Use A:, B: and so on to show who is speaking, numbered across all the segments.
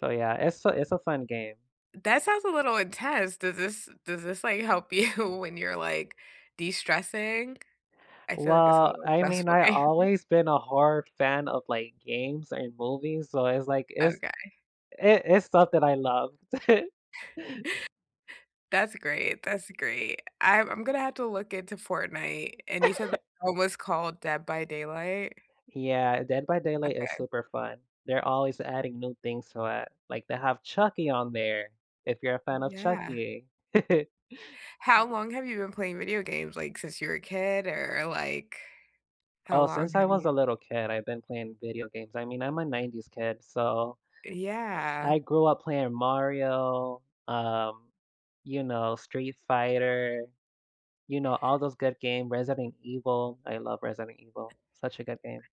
A: So, yeah, it's a it's a fun game.
B: That sounds a little intense, does this does this, like, help you when you're, like, de-stressing? I feel like it's a
A: Well,
B: little
A: I mean,
B: stressful
A: I
B: game.
A: always been a horror fan of, like, games and movies, so it's like, it's
B: Okay.
A: i It's stuff that I love.
B: That's great, that's great, I'm I'm gonna have to look into Fortnite, and you said that [unintelligible] was called Dead by Daylight?
A: Yeah, Dead By Daylight is
B: Okay.
A: super fun. They're always adding new things to it, like, they have Chucky on there, if you're a fan of
B: Yeah.
A: Chucky.
B: How long have you been playing video games? Like, since you were a kid, or like, how
A: Oh,
B: long
A: since I
B: have
A: was
B: you
A: a little kid, I've been playing video games. I mean, I'm a 90s kid, so, uh,
B: Yeah.
A: i I grew up playing Mario, um, you know, Street Fighter, you know, all those good games, Resident Evil- I love Resident Evil, such a good game.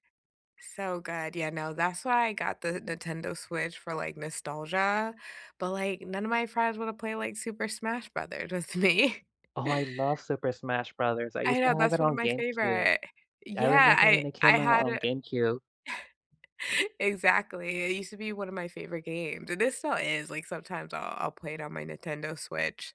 B: So good. Yeah, no, that's why I got the Nintendo Switch for, like, nostalgia, but, like, none of my friends wanna play, like, Super Smash Brothers with me.
A: Oh, I love Super Smash Brothers, I
B: I
A: used
B: know,
A: to have
B: that's
A: it
B: one of
A: on
B: my
A: Gamecube.
B: favorite.
A: I
B: Yeah,
A: remember
B: I
A: when it
B: I
A: came out
B: had
A: on
B: a
A: GameCube.
B: Exactly, it used to be one of my favorite games, and it still is, like, sometimes I'll I'll play it on my Nintendo Switch.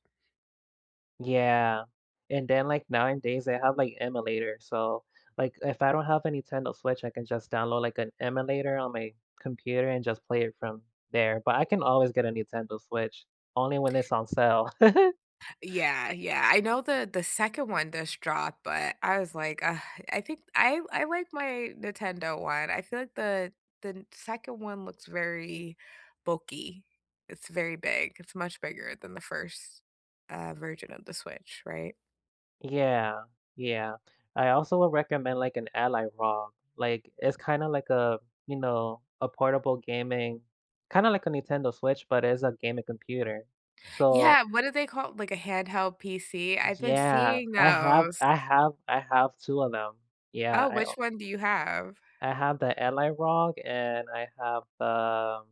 A: Yeah, and then like, 9 days, they have, like, emulator. So, like, if I don't have a Nintendo Switch, I can just download, like, an emulator on my computer and just play it from there, but I can always get a Nintendo Switch, only when it's on sale.
B: Yeah, yeah, I know that the 2nd one just dropped, but I was like, "Ugh, I think I I like my Nintendo 1." I feel like the the n 2nd one looks very bulky. It's very big, it's much bigger than the 1st, uh, version of the Switch, right?
A: Yeah. Yeah. I also would recommend like, an Ally ROG, like, it's kinda like a, you know, a portable gaming, kinda like a Nintendo Switch, but it's a gaming computer. So
B: Yeah, what do they call it? Like a handheld PC? I've been
A: Yeah,
B: seeing
A: I have
B: those.
A: I have I have 2 of them. Yeah,
B: Oh,
A: I
B: which
A: own
B: one do you have?
A: I have the Ally ROG and I have the